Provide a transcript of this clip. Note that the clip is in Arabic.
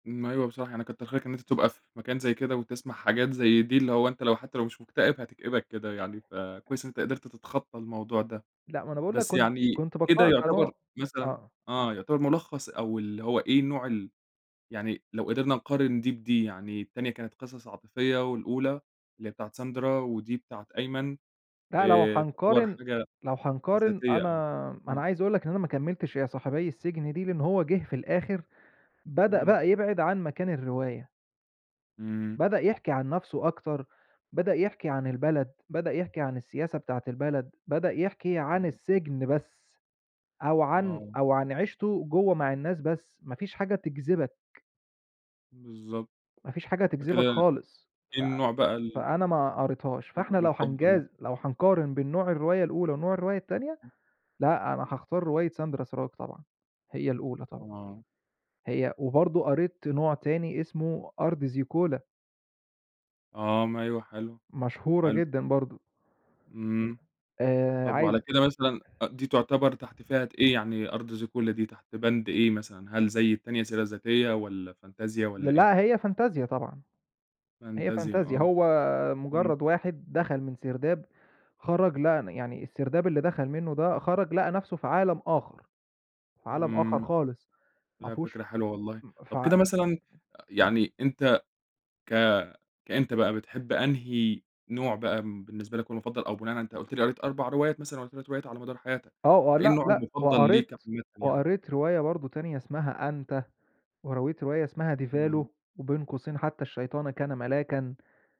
ما أيوه بصراحة، يعني كتّر خيرك إن أنت تبقى في مكان زي كده، وتسمع حاجات زي دي، اللي هو أنت، لو حتى لو مش مكتئب، هتكئبك كده يعني، فكويس إن أنت قدرت تتخطى الموضوع ده، لأ ما أنا باقول لك بس كنت يعني كنت كده باقرأها يُعتبر كنوع مثلًا آه. آه يُعتبر مُلَخّص أو اللي هو إيه نوع ال يعني لو قدرنا نقارن دي بدي، يعني التانية كانت قصص عاطفية والأولى اللي هي بتاعة ساندرا، ودي بتاعة أيمن لأ لو آآ تُعتبر هنقارن حاجة لو هنقارن، ذاتية أو أنا أنا إمم. عايز أقول لك إن أنا ما كمّلتش يا صاحبيّ السجن دي، لأن هو جه في الآخر بدأ امم. بقى يبعد عن مكان الرواية. إمم. بدأ يحكِي عن نفسه أكتر، بدأ يحكِي عن البلد، بدأ يحكِي عن السياسة بتاعة البلد، بدأ يحكِ عن السجن بس، أو عن آه. أو عن عيشته جوّه مع الناس بس، مافيش حاجة تجذبك. بالضبط. ما فيش حاجة فكده تجذبك خالص، إيه النوع بقى ف ال فأنا ما قريتهاش، فإحنا لو [unintelligible] مُفضل. هنجاز لو هنقارن بين نوع الرواية الأولى، ونوع الرواية التانية، لأ، أنا هاختار رواية ساندرا سراج طبعًا، هي الأولى طبعًا، آه. هي وبرضه قريت نوع تاني اسمه أرض زيكولا. آه ما أيوه حلو، مشهورة حلو. جدًا برضه. إمم، آآ طَب وعلى عايز كده مثلًا أ دي تُعتبر تحت فئة إيه يعني أرض زيكولا دي تحت بند إيه مثلًا، هل زي التانية سيرة ذاتية، والَّا فانتازيا والَّا ل إيه؟ لأ هي فانتازيا طبعًا، هي فانتازيا فانتازيا آه، هو إمم. مُجرّد واحد دخل من سرداب خرج لقى ن يعني السرداب اللي دخل منه ده، خرج، لقى نفسه في عالم آخر، في عالم آخر إمم، خالص، ما لا فيهوش فكرة حلوة والله. امم، ف طَب كده مثلًا أ يعني أنت ك كأنت بقى، بتحب أنهي نوع بقى م بالنسبة لك هو المُفَضّل، أو بناءً على أنت قُلت لي قريت 4 روايات مثلًا والَّا 3 روايات على مدار حياتك، آه فإيه ولأ، النوع لأ، المفضل ليك وقريت عامةً يعني؟ وقريت رواية برضه تانية اسمها أنت، ورويت رواية اسمها ديفالو وبين قوسين حتى "الشيطانَ كان ملاكًا".